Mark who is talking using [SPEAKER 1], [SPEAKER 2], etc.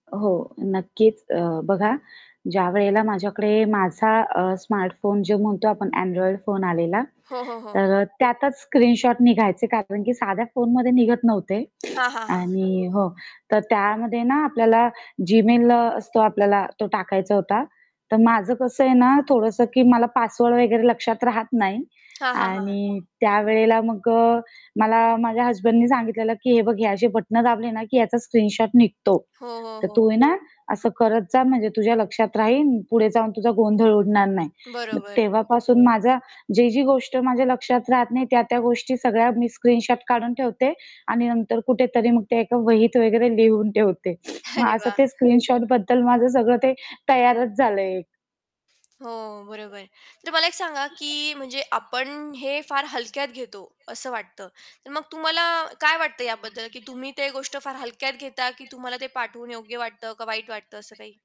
[SPEAKER 1] अ, हो. नक्कीच. अ, बघा ज्यावेळेला माझ्याकडे माझा अ, स्मार्ट फोन जो म्हणतो आपण Android फोन आलेला.
[SPEAKER 2] हो, हो, हो.
[SPEAKER 1] तर अ, त्यातच स्क्रीनशॉट निघायचे, कारण, की साध्या फोनमध्ये निघत नव्हते
[SPEAKER 2] हां, हां, हां.
[SPEAKER 1] आणि हो तर त्यामध्ये ना आपल्याला जीमेल असतो आपल्याला, तो टाकायचा होता. तर माझं कसं आहे ना थोडंसं, की मला पासवर्ड वगैरे लक्षात राहत नाही
[SPEAKER 2] हां, हां, हां.
[SPEAKER 1] आणि त्यावेळेला मग अ, मला माझ्या हसबँडनी सांगितलेलं, की "हे बघ हे असे बटन दाबले ना की याचा स्क्रीनशॉट निघतो.
[SPEAKER 2] हो, हो,
[SPEAKER 1] तर तू
[SPEAKER 2] हो.
[SPEAKER 1] आहे ना असं करत जा म्हणजे तुझ्या लक्षात राहील पुढे जाऊन तुझा गोंधळ उडणार नाही." मग
[SPEAKER 2] बरोबर.
[SPEAKER 1] तेव्हापासून माझा जी-जी गोष्ट माझ्या लक्षात राहत नाही, त्या-त्या गोष्टी सगळ्या मी स्क्रीनशॉट काढून ठेवते आणि नंतर कुठेतरी मग ते एक वहित वगैरे लिहून ठेवते. मग
[SPEAKER 2] अरे
[SPEAKER 1] असं
[SPEAKER 2] वाह!
[SPEAKER 1] ते स्क्रीनशॉट बद्दल माझं सगळं ते तयारच झालंय एक.
[SPEAKER 2] हो, बरोबर आहे. तर मला एक सांगा की म्हणजे आपण हे फार हलक्यात घेतो असं वाटतं. तर मग तुम्हाला काय वाटतं याबद्दल, की तुम्ही ते गोष्ट फार हलक्यात घेता, की तुम्हाला ते पाठवून योग्य वाटतं का, वाईट वाटतं असं काही?